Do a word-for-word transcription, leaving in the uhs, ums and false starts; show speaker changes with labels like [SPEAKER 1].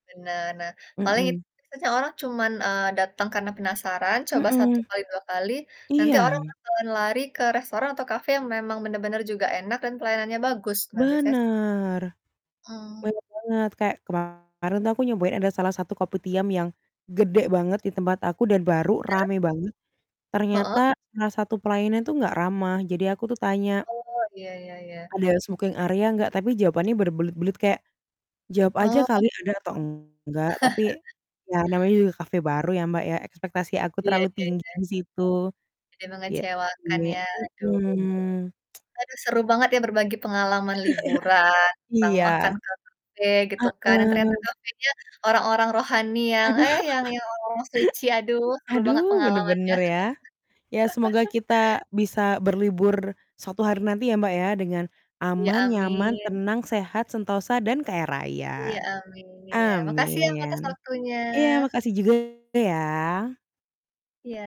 [SPEAKER 1] Nah nah paling itu
[SPEAKER 2] Mhm.
[SPEAKER 1] sih soalnya cuman, eee, datang karena penasaran coba satu,
[SPEAKER 2] Mhm,
[SPEAKER 1] kali dua kali, nanti
[SPEAKER 2] iya.
[SPEAKER 1] orang bakalan lari ke restoran atau cafe yang memang benar-benar juga enak dan pelayanannya bagus nah biasanya s
[SPEAKER 2] Bener,
[SPEAKER 1] Mmm.
[SPEAKER 2] bener banget kayak kemarin tuh aku nyobain ada salah satu kopitiam yang, gede banget di tempat aku dan baru
[SPEAKER 1] Iya?
[SPEAKER 2] rame banget, ternyata
[SPEAKER 1] Heeh.
[SPEAKER 2] salah satu pelayanannya tuh nggak ramah jadi aku tuh tanya
[SPEAKER 1] Oh iya iya iya.
[SPEAKER 2] ada smoking area nggak, tapi jawabannya berbelit-belit kayak, jawab
[SPEAKER 1] Oh,
[SPEAKER 2] aja
[SPEAKER 1] heeh.
[SPEAKER 2] kali ada atau enggak, tapi ya namanya juga cafe baru ya Mbak, ya ekspektasi aku
[SPEAKER 1] Iya
[SPEAKER 2] terlalu
[SPEAKER 1] iya
[SPEAKER 2] tinggi
[SPEAKER 1] iya.
[SPEAKER 2] di situ,
[SPEAKER 1] Jadi
[SPEAKER 2] iya,
[SPEAKER 1] mengecewakan
[SPEAKER 2] iya,
[SPEAKER 1] ya aduh.
[SPEAKER 2] mhm.
[SPEAKER 1] Aduh seru banget ya berbagi pengalaman liburan tentang makan
[SPEAKER 2] Iya.
[SPEAKER 1] ke cafe gitu kan dan ternyata
[SPEAKER 2] Heeh.
[SPEAKER 1] cafenya orang-orang rohani yang,
[SPEAKER 2] Aduh.
[SPEAKER 1] eh, yang yang orang-orang suci aduh seru banget
[SPEAKER 2] Aduh
[SPEAKER 1] pengalamannya.
[SPEAKER 2] bener-bener ya, ya semoga kita bisa berlibur suatu hari nanti ya Mbak, ya dengan,
[SPEAKER 1] Iya
[SPEAKER 2] aman, nyaman,
[SPEAKER 1] amin.
[SPEAKER 2] tenang, sehat, sentosa dan kaya raya,
[SPEAKER 1] Iya amin, makasih ya Mbak, atas
[SPEAKER 2] amin.
[SPEAKER 1] waktunya.
[SPEAKER 2] Iya makasih juga ya.
[SPEAKER 1] Iya.